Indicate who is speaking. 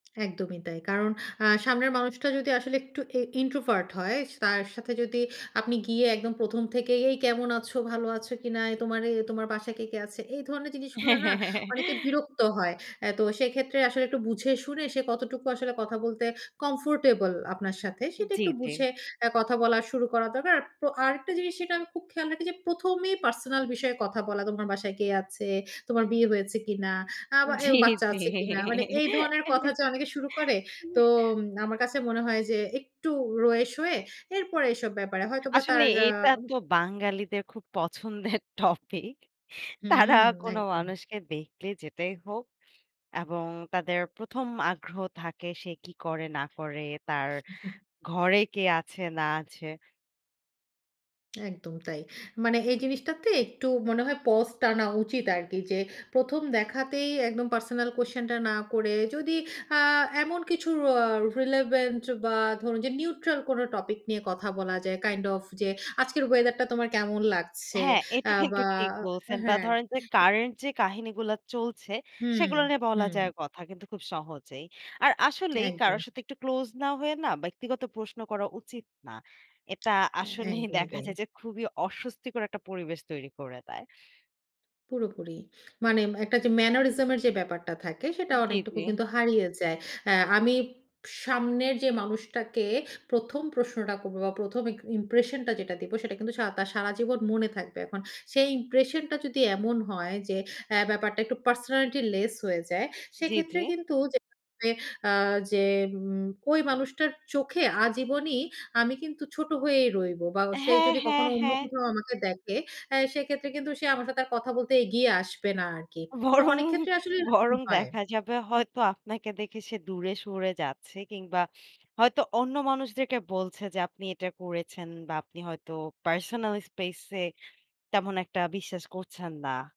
Speaker 1: একদমই তাই। কারণ আ সামনের মানুষটা যদি আসলে একটু এ ইন্ট্রোভার্ট হয়, স তার সাথে যদি আপনি গিয়ে একদম ১ম থেকেই, "এই কেমন আছো? ভালো আছো কিনা? তোমার এ তোমার বাসায় কে, কে আছে?" এই ধরনের জিনিসগুলা
Speaker 2: হ্যাঁ,
Speaker 1: না?
Speaker 2: হ্যাঁ,
Speaker 1: অনেকে
Speaker 2: হ্যাঁ।
Speaker 1: বিরক্ত হয়। এ তো সেক্ষেত্রে আসলে একটু বুঝে-শুনে, সে কতটুকু আসলে কথা বলতে কমফোর্টেবল আপনার সাথে, সেটা
Speaker 2: জ্বী,
Speaker 1: একটু
Speaker 2: জ্বী।
Speaker 1: বুঝে, আ কথা বলা শুরু করা দরকার। আর পো আরেকটা জিনিস যেটা আমি খুব খেয়াল রাখি যে, প্রথমেই পার্সোনাল বিষয়ে কথা বলা, "তোমার বাসায় কে আছে? তোমার বিয়ে হয়েছে কিনা? আ বা এও
Speaker 2: জ্বী,
Speaker 1: বাচ্চা
Speaker 2: জ্বী।
Speaker 1: আছে কিনা?" মানে এই ধরনের কথা যে অনেকে শুরু করে। তো উম আমার কাছে মনে হয় যে, একটু রয়ে শোয়ে, এরপরে এসব ব্যাপারে। হয়তো বা
Speaker 2: আসলে
Speaker 1: তার আ
Speaker 2: এটা তো বাঙালিদের খুব পছন্দের টপিক। তারা
Speaker 1: হুম,
Speaker 2: কোন
Speaker 1: একদম।
Speaker 2: মানুষকে দেখলে যেটাই হোক এবং তাদের ১ম আগ্রহ থাকে, সে কি করে না করে, তার ঘরে কে আছে না আছে?
Speaker 1: একদম তাই। মানে এই জিনিসটাতে একটু মনে হয় পস টানা উচিত আরকি যে, ১ম দেখাতেই একদম পার্সোনাল কুয়েসশন টা না করে, যদি আ এমন কিছু র রিলেভেন্ট বা ধরুন যে নিউট্রাল কোন টপিক নিয়ে কথা বলা যায়। কাইন্ড অফ যে, আজকের ওয়েদারটা তোমার কেমন লাগছে?
Speaker 2: হ্যাঁ, এটা
Speaker 1: অ্যা
Speaker 2: কিন্তু
Speaker 1: বা
Speaker 2: ঠিক বলছেন। বা
Speaker 1: হ্যাঁ।
Speaker 2: ধরেন যে
Speaker 1: এ
Speaker 2: কারেন্ট যে কাহিনীগুলা চলছে,
Speaker 1: হুম,
Speaker 2: সেগুলো নিয়ে বলা
Speaker 1: হুম।
Speaker 2: যায় কথা কিন্তু খুব সহজেই। আর আসলেই
Speaker 1: একদম।
Speaker 2: কারোর সাথে একটু ক্লোজ না হয়ে না, ব্যক্তিগত প্রশ্ন করা উচিত না। এটা
Speaker 1: হ্যাঁ,
Speaker 2: আসলেই
Speaker 1: একদমই
Speaker 2: দেখা
Speaker 1: তাই।
Speaker 2: যায় যে, খুবই অস্বস্তিকর একটা পরিবেশ তৈরি করে দেয়।
Speaker 1: পুরোপুরি। মানে একটা যে ম্যানারিজম এর যে ব্যাপারটা থাকে, সেটা
Speaker 2: উম জ্বী,
Speaker 1: অনেকটুকু
Speaker 2: জ্বী।
Speaker 1: কিন্তু হারিয়ে যায়। অ্যা আমি সামনের যে মানুষটাকে, ১ম প্রশ্নটা করব বা ১ম ইম্প্রেশন টা যেটা দিবো, সেটা কিন্তু সা তার সারা জীবন মনে থাকবে। এখন সেই ইম্প্রেশন টা যদি এমন হয় যে, অ্যা ব্যাপারটা একটু পার্সোনালিটি লেস হয়ে যায়।
Speaker 2: জ্বী,
Speaker 1: সেক্ষেত্রে
Speaker 2: জ্বী।
Speaker 1: কিন্তু যে অ্যা যে উম ঐ মানুষটার চোখে আজীবনী আমি কিন্তু, ছোট হয়েই রইবো। বা সে
Speaker 2: হ্যাঁ,
Speaker 1: যদি কখনো
Speaker 2: হ্যাঁ,
Speaker 1: অন্য
Speaker 2: হ্যাঁ।
Speaker 1: কোথাও আমাকে দেখে, অ্যা সেক্ষেত্রে কিন্তু সে আমার সাথে আর কথা বলতে এগিয়ে আসবে না আরকি। তো
Speaker 2: বরং,
Speaker 1: অনেক ক্ষেত্রে আসলে এরকম
Speaker 2: বরং
Speaker 1: হয়।
Speaker 2: দেখা যাবে হয়তো আপনাকে দেখে সে দূরে সরে যাচ্ছে, কিংবা হয়তো অন্য মানুষদেরকে বলছে যে, আপনি এটা করেছেন বা আপনি হয়তো পার্সোনাল স্পেস এ, তেমন একটা বিশ্বাস করছেন না।